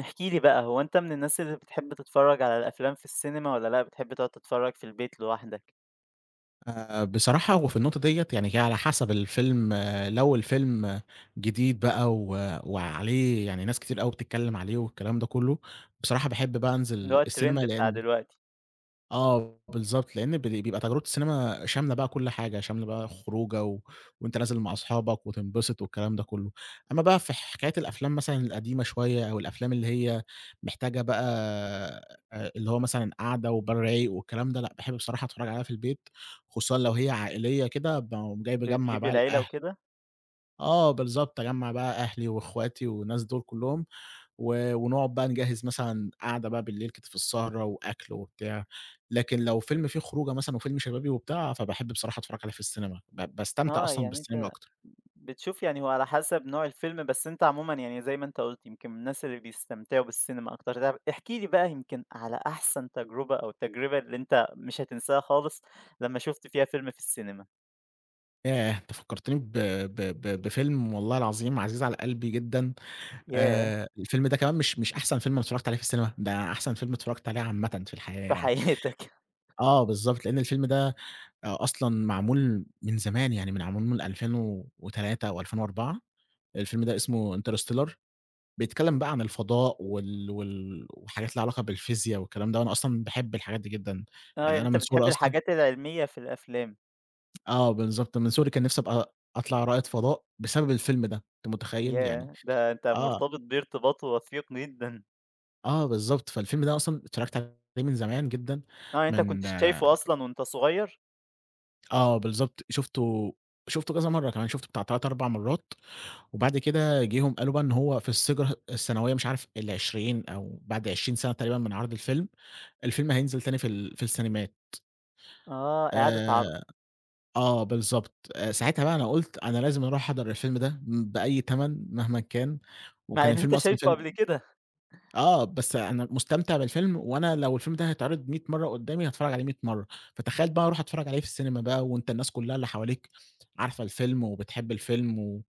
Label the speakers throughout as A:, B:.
A: احكِ لي بقى هو أنت من الناس اللي بتحب تتفرج على الأفلام في السينما والّا لأ بتحب تقعد تتفرج في البيت لوحدك؟
B: آآ، بصراحة هو في النقطة ديّة يعني على حسب الفيلم، لو الفيلم جديد بقى و وعليه يعني ناس كتير أوي بتتكلم عليه والكلام ده كُلّه، بصراحة باحب بقى
A: اللي
B: أنزل
A: هو الtrend
B: السينما
A: بتاع
B: لأن
A: دلوقتي.
B: آه، بالضبط لأن ب بيبقى تجربة السينما شاملة بقى كُل حاجة، شاملة بقى خروجة، وأنت نازل مع صحابك وتنبسط والكلام ده كُلّه، أمّا بقى في حكاية الأفلام مثلًا القديمة شوية أو الأفلام اللي هي محتاجة بقى اللي هو مثلًا قعدة وبال رايق والكلام ده، لأ باحب بصراحة اتفرّج عليها في البيت، خصوصًا لو هي عائلية كده باقوم جاي باجمّع
A: بتجيب
B: بقى
A: العيلة
B: الأهل
A: وكده؟
B: آه بالضبط، اجمّع بقى أهلي واخواتي والناس دول كلهم، و ونقعد بقى نجهّز مثلًا قعدة بقى بالليل كده في السهرة وأكل وبتاع، لكن لو فيلم في خروجة مثلًا وفيلم شبابي وبتاع فباحب بصراحة أتفرّج عليه في السينما ب باستمتع
A: آه
B: أصلًا
A: يعني
B: بالسينما
A: أنت
B: أكتر.
A: بتشوف يعني هو على حسب نوع الفيلم بس أنت عمومًا يعني زي ما أنت قُلت يمكن من الناس اللي بيستمتعوا بالسينما أكتر طيب، احكِ لي بقى يمكن على أحسن تجربة أو التجربة اللي أنت مش هتنساها خالص لمّا شُفت فيها فيلم في السينما؟
B: ياه! أنت فكّرتني ب ب ب بفيلم والله العظيم عزيز على قلبي جدًا،
A: ياه!
B: آآ الفيلم ده كمان مش مش أحسن فيلم أنا اتفرّجت عليه في السينما، ده أحسن فيلم اتفرّجت عليه عامةً في الحياة
A: في
B: يعني.
A: حياتك.
B: آه بالضبط، لإن الفيلم ده أ أصلًا معمول من زمان، يعني معمول من 2003 أو 2004، الفيلم ده اسمه interstellar، بيتكلِّم بقى عن الفضاء وال وال وحاجات لها علاقة بالفيزيا والكلام ده، وأنا أصلًا باحب الحاجات دي جدًا،
A: آه،
B: يعني
A: يعني
B: أنا
A: أنت
B: من صغري
A: بتحب
B: أصلًا
A: الحاجات العلمية في الأفلام.
B: آه بالضبط، من صغري كان نِفْسي أبقى أطلع رائد فضاء بسبب الفيلم ده، أنت مُتخيّل؟ يعني
A: ياهّ! ده أنت
B: آه.
A: مرتبط بيه ارتباط وثيق جدًا.
B: آه بالضبط، فالفيلم ده أصلًا اتفرّجت عليه من زمان جدًا
A: آه، أنت كنت
B: من
A: شايفه أصلًا وأنت صغير؟
B: آه بالضبط، شُفته شُفته كذا مرّة كمان، شُفته بتاع 3، 4 مرّات، وبعد كده جه هم قالوا بقى إن هو في الذكري السنوية مش عارف ال20 أو بعد 20 سَنة تقريبًا من عَرْض الفيلم، الفيلم هينزل تاني في ال في السينمات.
A: آه، إعادة عَرْض.
B: آآ آه، بالضبط، آآ ساعتها بقى أنا قُلت أنا لازم أروح أحضر الفيلم ده م بأي تَمَن مهمًا كان،
A: مع
B: وكان
A: إن أنت
B: الفيلم أصلًا
A: شايفه
B: فيلم
A: قبل كده.
B: آه، بس أنا مستمتع بالفيلم وأنا لو الفيلم ده هيتعرض 100 مرة قُدّامي هاتفرّج عليه 100 مرّة، فتخيّل بقى أروح أتفرّج عليه في السينما بقى وأنت الناس كُلّها اللي حواليك عارفة الفيلم وبتحب الفيلم و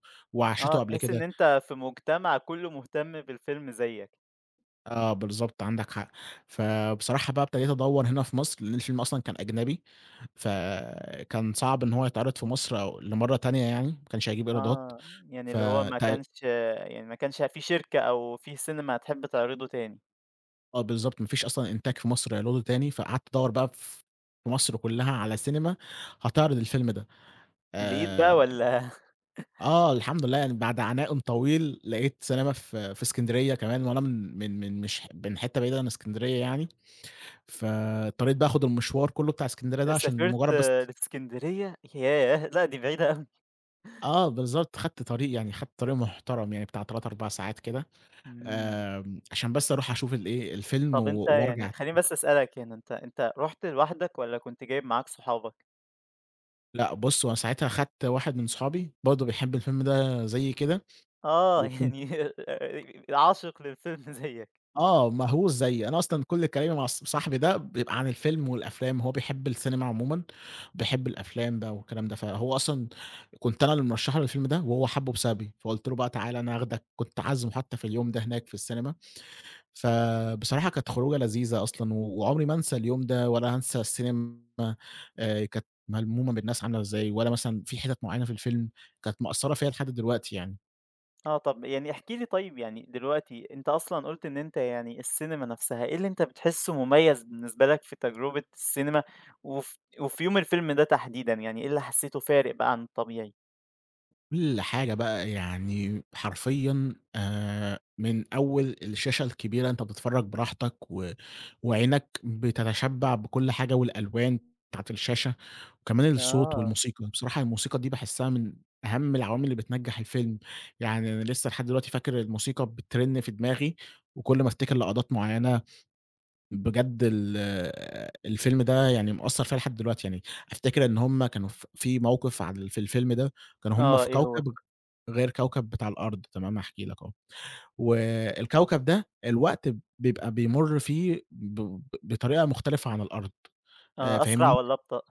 A: آه،
B: وعاشته قبل
A: تحس إن
B: كده.
A: أنت في مجتمع كُلّه مهتم بالفيلم زيّك.
B: آه بالضبط، عندك حق. فبصراحة بقى ابتديت أدوّر هنا في مصر؛ لأن الفيلم أصلًا كان أجنبي فكان صعب إن هو يتعرض في مصر أو لمرّة تانية يعني، ما كانش هيجيب إيرادات
A: آه، يعني
B: ف
A: اللي هو ما
B: تي
A: كانش يعني ما كانش في شركة أو في سينما هتحب تعرضه تاني.
B: آه بالضبط، ما فيش أصلًا إنتاج في مصر هيعرضه تاني، فقعدت أدوّر بقى ف في مصر كلّها على سينما هتعرض الفيلم ده،
A: لقيت بقى
B: آآ
A: والّا؟
B: آه الحمد لله يعني بعد عناءٌ طويل لقيت سينما ف في إسكندرية كمان، وأنا من من من مش من حِتّة بعيدة عن إسكندرية يعني، فاضطريت بقى آخد المشوار كلّه بتاع إسكندرية
A: أ
B: ده عشان
A: سافرت
B: مجرد بس
A: لإسكندرية؟ ياه! لأ دي بعيدة أوي.
B: آه بالضبط، خدت طريق، يعني خدت طريق محترم، يعني بتاع 3، 4 ساعات كده،
A: إمم.
B: آمم، عشان بس أروح أشوف ال إيه الفيلم
A: طَب
B: و
A: أنت يعني
B: وارْجَع
A: خلّيني بس أسألك هنا، أنت أنت رُحت لوحدك والّا كنت جايب معاك صُحابك؟
B: لأ بُصّ، هو أنا ساعتها خدت واحد من صُحابي برضه بيحب الفيلم ده زيي كده،
A: آه،
B: وكُن
A: يعني آآ، عاشق للفيلم زيّك.
B: آه، مهووس زيي، أنا أصلًا كل كلامي مع ص صاحبي ده بيبقى عن الفيلم والأفلام هو بيحب السينما عمومًا، بيحب الأفلام بقى والكلام ده، فهو أصلًا كنت أنا اللي مرشّح له الفيلم ده وهو حَبُه بسببي فقُلت له بقى: "تعال، أنا هاخدك." كنت عازمه حتى في اليوم ده هناك في السينما. فبصراحة كانت خروجة لذيذة أصلًا و وعمري ما أنسى اليوم ده ولا هانسى السينما آآ، كانت ملمومة بالناس عاملة إزاي، ولا مثلًا في حِتَت مُعَيَّنة في الفيلم كانت مأثّرة فيّا لحد دلوقتي يعني.
A: آه، طَب يعني احكِ لي طيّب يعني دلوقتي أنت أصلًا قُلت إن أنت يعني السينما نَفْسها، إيه اللي أنت بتحسه مُمَيزْ بالنسبة لَك في تَجرُبة السينما؟ وف وفي يوم الفيلم ده تحديدًا، يعني إيه اللي حسيته فارق بقى عن الطبيعي؟
B: كل حاجة بقى، يعني حرفيًّا آآ، من أول الشاشة الكبيرة أنت بتتفرج براحتك و وعينَك بتتشبع بكل حاجة، والألوان بتاعة الشاشة، وكمان الصوت
A: آه.
B: والموسيقى. بصراحة الموسيقى دي باحسها من أهَم العوامل اللِّي بتنَجّح الفيلم. يعني أنا لسّه لحد دلوقتي فاكر الموسيقى بترن في دماغي، وكل ما أفتكر لقطات مُعَيَّنة، بجد ال الفيلم ده يعني مأثَّر فيَّ لحد دلوقتي. يعني أفتكر إن هُم كانوا ف في مَوقِف عال في الفيلم ده، كانوا هُم
A: آه،
B: في
A: إيه هو؟
B: كوكب غير كوكب بتاع الأرض تمام، هاحكي لَك أهو، والكوكب ده الوقت ب بيبقى بيمُر فيه بب بطريقة مختلفة عن الأرض. آآ،
A: آه، أسْرَع
B: فاهمني؟
A: والّا أبطأ؟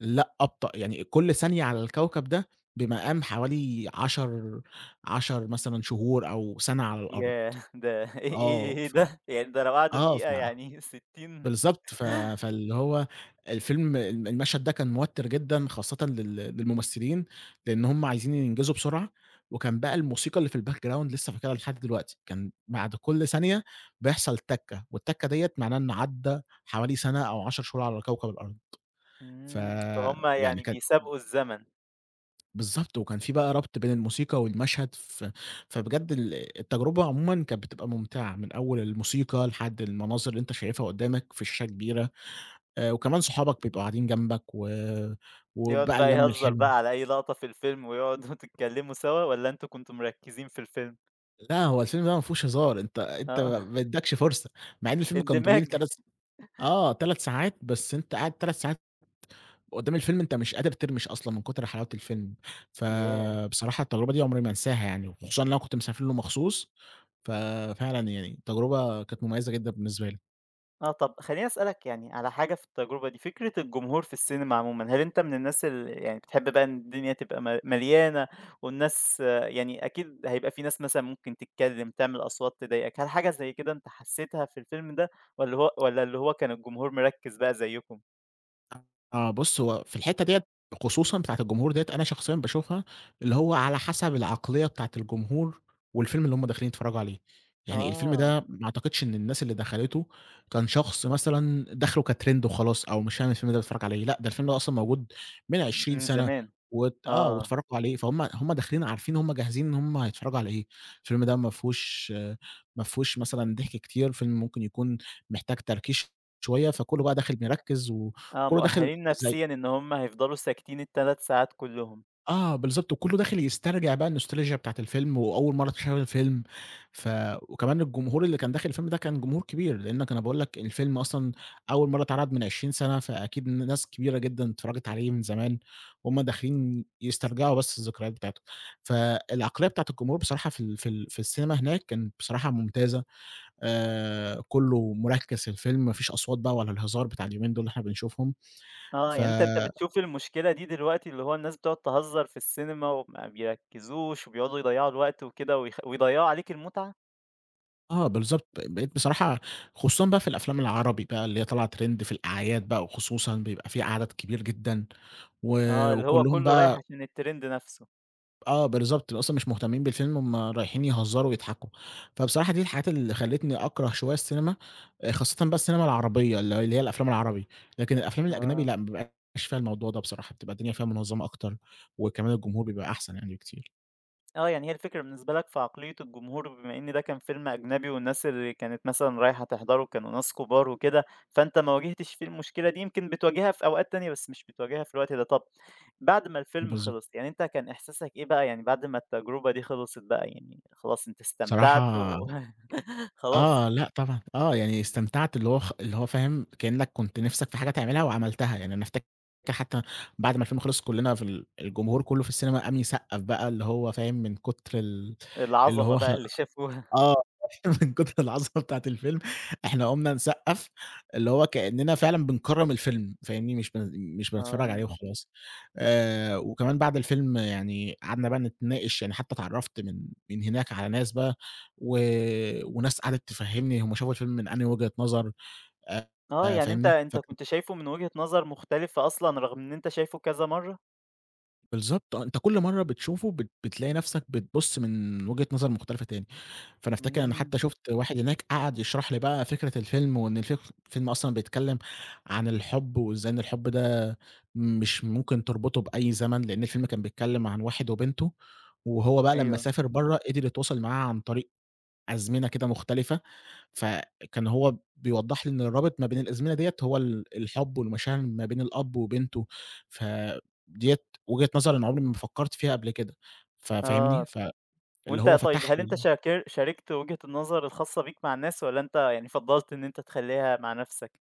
B: لأ، أبطأ. يعني إ كل ثانية على الكوكب ده بمقام حوالي 10- 10 مثلًا شهور، أو سَنَة على الأرض.
A: ياه! ده إيه
B: آه،
A: إيه إيه
B: ف
A: ده؟! يعني ده لو قعدوا
B: آه، ف
A: دقيقة يعني 60
B: بالضبط، ف فاللِّي هو الفيلم الم المشهد ده كان موتِّر جدًا، خاصةّ لل للممثلين، لأن همّ عايزين ينجزوا بسرعة، وكان بقى الموسيقى اللِّي في الbackground لسّه فاكرها لحد دلوقتي، كان بَعد كل ثانية بيحصل تكة، والتكة ديَّة معناها إنَّه عَدّى حوالي سنة، أو 10 شهور على كوكب الأرض.
A: إمم، فهُمَّ
B: فيعني
A: يعني
B: كان
A: بيسابقوا الزمن.
B: بالضبط وكان في بقى ربط بين الموسيقى والمشهد ف فبجد ال التجربة عمومًا كانت بتبقى ممتعة من أول الموسيقى لحد المناظر اللي أنت شايفها قدامك في شاشة كبيرة، آآ، وكمان صحابك بيبقوا قاعدين جنبك و
A: يقعد
B: وبقى
A: بقى
B: اللّمة
A: يهزّر
B: الحلوة.
A: بقى على أي لقطة في الفيلم، ويقعد وتتكلّموا سوا، والّا أنتم كنتم مركِّزين في الفيلم؟
B: لا هو الفيلم ده ما فيهوش هزار، أنت أنت
A: آه.
B: ما يديكش فرصة، مع إن فيلم كان
A: اندماج.
B: طويل 3 س آه 3 ساعات، بس أنت قاعد 3 ساعات قدام الفيلم أنت مش قادر ترمِش أصلًا من كُتر حلاوة الفيلم،
A: ياه!
B: فبصراحة التجربة دي عمري ما هانساها يعني، وخصوصًا إن أنا كنت مسافر له مخصوص، ففعلًا يعني التجربة كانت مُميَّزَة جدًا بالنسبة لي.
A: آه، طَب خلّيني أسألك يعني على حاجة في التجربة دي، فكرة الجمهور في السينما عمومًا، هل أنت من الناس ال يعني بتحب بقى إن الدنيا تبقى م مليانة والناس يعني أكيد هيبقى في ناس مثلًا ممكن تتكلّم تعمل أصوات تضايقك، هل حاجة زي كده أنت حسِّيتها في الفيلم ده والّا هو والّا اللي هو كان الجمهور مركِّز بقى زيّكم؟
B: آه بُص هو في الحِتَّة ديّة خصوصًا بتاعة الجمهور ديّة، أنا شخصيًا باشوفها اللي هو على حسب العقلية بتاعة الجمهور والفيلم اللي هُم داخلين يتفرّجوا عليه، يعني الفيلم
A: آه.
B: ده ما أعتقدش إن الناس اللي دخلته كان شخص مثلًا داخله كTrend وخلاص، أو مش فاهم الفيلم ده بيتفرّج على إيه، لأ، ده الفيلم أصلًا موجود من 20
A: من
B: سَنَة
A: زمان،
B: و آه،
A: آه.
B: واتفَرّجوا عليه، فهُم هُم داخلين عارفين هُم جاهزين إن هُم هيتفرّجوا على إيه، الفيلم ده ما فيهوش ما فيهوش مثلًا ضحك كتير، فيلم ممكن يكون محتاج تركيز شوية، فكله بقى داخل مركِّز
A: آه
B: وكله داخل
A: مؤَهَلين
B: زي
A: نفسيًا إن هُم هيفضلوا ساكتين ال3 ساعات كلهم.
B: آه، بالضبط، وكله داخل يسترجع بقى الnostalgia بتاعة الفيلم وأول مرة أتخيل الفيلم، ف وكمان الجمهور اللي كان داخل الفيلم ده كان جمهور كبير، لأنك أنا باقول لك الفيلم أصلًا أول مرة اتعرض من عشرين سنة، فأكيد ن ناس كبيرة جدًا اتفرجت عليه من زمان، وهُم داخلين يسترجعوا بس الذكريات بتاعتهم، فالعقلية بتاعة الجمهور بصراحة في ال في ال في السينما هناك كانت بصراحة ممتازة، آآ، كله مركِّز في الفيلم ما فيش أصوات بقى ولا الهزار بتاع اليومين دول اللي إحنا بنشوفهم
A: آه
B: ف
A: يعني أنت أنت بتشوف المشكلة دي دلوقتي، اللي هو الناس بتقعد تهزّر في السينما، وما بيركزوش وبيقعدوا يضيّعوا الوقت وكده ويخ ويضيّعوا عليك المتعة؟
B: آه بالضبط، بقيت بصراحة خصوصًا بقى في الأفلام العربي بقى اللي هي طالعة Trend في الأعياد بقى وخصوصًا بيبقى في عدد كبير جدًا، و
A: آه، اللي هو
B: وكُلّهم
A: كُلّه رايح
B: بقى
A: عشان الTrend نَفْسه.
B: آه بالضبط، ت أصلًا مش مهتمّين بالفيلم هم رايحين يهزّروا ويضحكوا، فبصراحة دي الحاجات اللي خلّتني أكره شوية السينما، آآ، خاصةً بقى السينما العربية ال اللي هي الأفلام العربي، لكن الأفلام الأجنبي
A: آه.
B: لأ، ما بيبقاش فيها الموضوع ده بصراحة بتبقى
A: أ
B: الدنيا فيها مُنظّمة أكتر وكمان الجمهور بيبقى أحسن يعني بكتير.
A: آه، يعني هي الفكرة بالنسبة لك في عقلية الجمهور بما إن ده كان فيلم أجنبي والناس اللي كانت مثلًا رايحة تحضره كانوا ناس كُبار وكده، فأنت ما واجهتش فيه المشكلة دي، يمكن بتواجهها في أوقات تانية بس مش بتواجهها في الوقت ده. طَب بعد ما الفيلم
B: بالض
A: خلص يعني أنت كان إحساسك إيه بقى يعني بعد ما التجربة دي خلصِت بقى، يعني خلاص أنت استمتعت
B: صراحة
A: و خلاص؟
B: آه، لأ طبعًا، آه، يعني استمتعت اللي هو خ اللي هو فاهم، كإنّك كنت نِفْسك في حاجة تعملها وعملتها، يعني أنا افتك حتّى بعد ما الفيلم خلص كُلّنا في ال الجمهور كُلّه في السينما قام يصقَّف بقى اللي هو فاهم، من كُتر ال اللي
A: العظمة
B: هو خ
A: بقى اللي شافوها.
B: آه، من كُتر العظمة بتاعة الفيلم إحنا قُمنا نصقَّف اللي هو كإنّنا فعلًا بنكرّم الفيلم فاهمني، مش بن مش بنتفرّج عليه
A: آه.
B: وخلاص. آآ وكمان بعد الفيلم يعني قعدنا بقى نتناقش، يعني حتّى اتعرّفت من من هناك على ناس بقى و وناس قعدِت تفهِّمني هم شافوا الفيلم من أنهى وجهة نظر آآ،
A: آه،
B: آآ
A: يعني أنت
B: فاهمني،
A: أنت
B: فك
A: كنت شايفه من وجهة نظر مختلفة أصلًا رغم إن أنت شايفه كذا مرّة؟
B: بالضبط آه، أنت كل مرّة بتشوفه بت بتلاقي نفْسك بتبُصّ من وجهة نظر مختلفة تاني، فأنا أفتكر أنا
A: امم.
B: حتى شُفت واحد هناك قعد يشرح لي بقى فكرة الفيلم وإن الف الفيلم أصلًا بيتكلم عن الحب وإزاي إن الحب ده مش ممكن تربطه بأي زمن؛ لأن الفيلم كان بيتكلم عن واحد وبنته وهو بقى لمّا
A: أيوه.
B: سافر برّا قدر يتواصل معاها عن طريق أزمنة كده مختلفة، فكان هو بيوضّح لي إن الرابط ما بين الأزمنة ديّة هو ال الحب والمشاعر ما بين الأب وبنته، فديّة وجهة نظر أنا عمري ما فكرت فيها قبل كده ف فاهمني؟
A: آه.
B: فاللي
A: وأنت،
B: هو
A: طيب،
B: فتح
A: هل أنت
B: لي
A: شاكر شاركت وِجهة النظر الخاصة بيك مع الناس والّا أنت يعني فضَّلت إن أنت تخلّيها مع نفْسك؟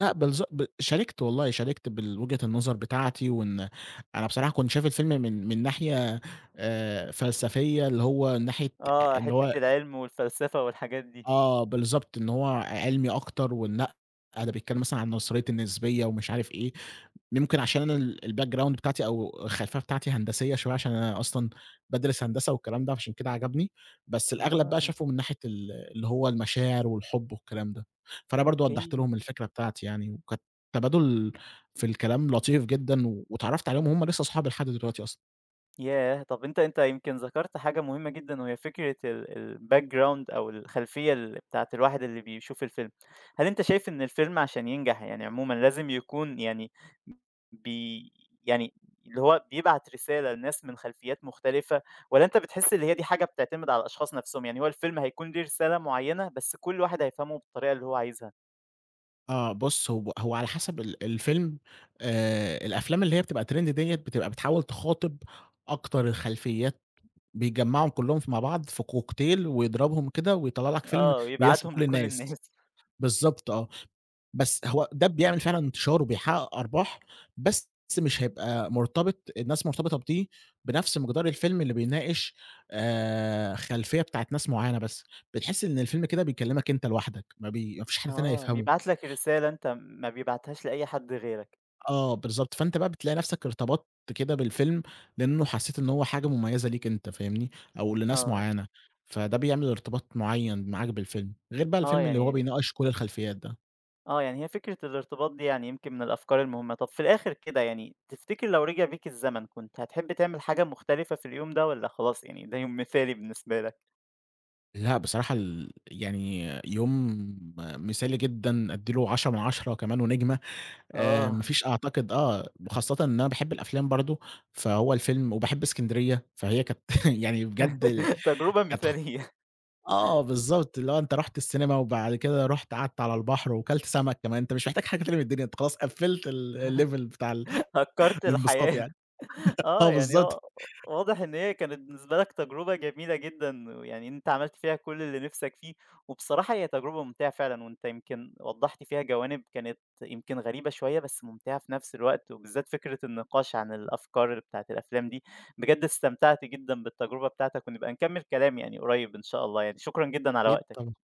B: لأ بالضب ب شاركت والله، شاركت بالوجهة النظر بتاعتي وإن أنا بصراحة كنت شايف الفيلم من من ناحية آآ فلسفية اللي هو من ناحية آآ
A: آه،
B: إن هو
A: حِتة العلم والفلسفة والحاجات دي.
B: آه بالضبط، إن هو ع عِلمي أكتر ونأ، ده بيتكلم مثلًا عن نظرية النسبية ومش عارف إيه يمكن عشان أنا ال الbackground بتاعتي أو الخلفية بتاعتي هندسية شوية عشان أنا أصلًا بادرس هندسة والكلام ده فعشان كده عجبني، بس الأغلب بقى
A: آه.
B: شافه من ناحية ال اللي هو المشاعر والحب والكلام ده، فأنا برضه وضّحت
A: أوكي.
B: لهم الفكرة بتاعتي يعني، وكانت تبادل في الكلام لطيف جدًا، واتعرّفت عليهم وهُم لسه أصحابي لحد دلوقتي أصلًا.
A: ياه! طَب أنت أنت يمكن ذَكرت حاجة مهمة جدًا وهي فكرة ال الbackground أو الخلفية الل بتاعة الواحد اللي بيشوف الفيلم. هل أنت شايف إن الفيلم عشان ينجح يعني عمومًا لازم يكون يعني ب ب يعني اللي هو بيبعت رسالة لناس من خلفيات مختلفة؟ والّا أنت بتحس إن هي دي حاجة بتعتمد على الأشخاص نفسهم؟ يعني هو الفيلم هيكون له رسالة معينة بس كل واحد هيفهمه بالطريقة اللي هو عايزها.
B: آه، بُص هو هو على حسب ال الفيلم. آآ الأفلام اللي هي بتبقى Trend ديَّة، بتبقى بتحاول تِخاطب أكتر الخلفيات بيجمَّعهم كلّهم ف مع بعض في كوكتيل ويضربهم كده ويطلَّع لك فيلم
A: آه
B: ويناسب
A: ويبعتهم
B: كل
A: لكل
B: الناس،
A: الناس.
B: بالضبط آه، بس هو ده بيعمل فعلًا انتشَار وبيحقق أرباح، بس مش هيبقى مرتبط الناس مرتبطة بدي بنفْس مقدار الفيلم اللي بيناقش آآ، خلفية بتاعة ناس معينة بس. بتحس إن الفيلم كده بيكلمك أنت لوحدك، ما ب ما فيش حد تاني
A: آه،
B: هيفْهَمه.
A: بيبعت لك رسالة أنت، ما بيبعتهاش لأي حد غيرك.
B: آه، بالضبط، فأنت بقى بتلاقي نفسك ارتبطت كده بالفيلم، لأنه حسيت إن هو حاجة مميزة ليك أنت فاهمني؟ أو لناس
A: آه.
B: معينة، فده بيعمل إرتباط معين معاك بالفيلم، غير بقى
A: آه
B: الفيلم اللي هو
A: يعني
B: بيناقش كل الخلفيات ده.
A: آه، يعني هي فكرة الارتباط دي يعني يمكن من الأفكار المهمة، طَب في الآخر كده يعني تفتكر لو رجع بيك الزمن كنت هتحب تعمل حاجة مختلفة في اليوم ده والّا خلاص يعني ده يوم مثالي بالنسبة لك؟
B: لأ بصراحة ال يعني يوم مثالي جدًا أدّي له 10 من 10 كمان ونجمة، آآ، ما
A: آه.
B: فيش أعتقد آه، وخاصةً إن أنا باحب الأفلام برضه، فهو الفيلم وباحب إسكندرية فهي كانت يعني بجد ال
A: تجربة
B: كانت خ
A: مثالية.
B: آه بالضبط، اللي هو أنت رُحت السينما وبعد كده رُحت قعدت على البحر، وكلت سمك كمان، أنت مش محتاج حاجة تانية من الدنيا أنت خلاص قفّلت ال ال level بتاع ال
A: هكرت
B: الانبساط
A: الحياة،
B: يعني
A: آه
B: آه،
A: يعني
B: بالضبط.
A: هو واضح إن هي كانت بالنسبة لك تجربة جميلة جدًا، ويعني أنت عملت فيها كل اللي نفسك فيه، وبصراحة هي تجربة ممتعة فعلًا وأنت يمكن وضّحت فيها جوانب كانت يمكن غريبة شوية، بس ممتعة في نفس الوقت، وبالذات فكرة النقاش عن الأفكار بتاعة الأفلام دي، بجد استمتعت جدًا بالتجربة بتاعتك ونبقى نكمل كلام يعني قريب إن شاء الله يعني شكرًا جدًا على
B: أكيد
A: وقتك.
B: طبعًا،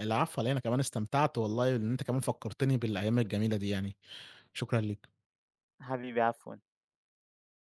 B: العفو علي إيه، أنا كمان استمتعت والله إن أنت كمان فكرتني بالأيام الجميلة دي يعني، شكرًا ليك.
A: حبيبي عفوًا.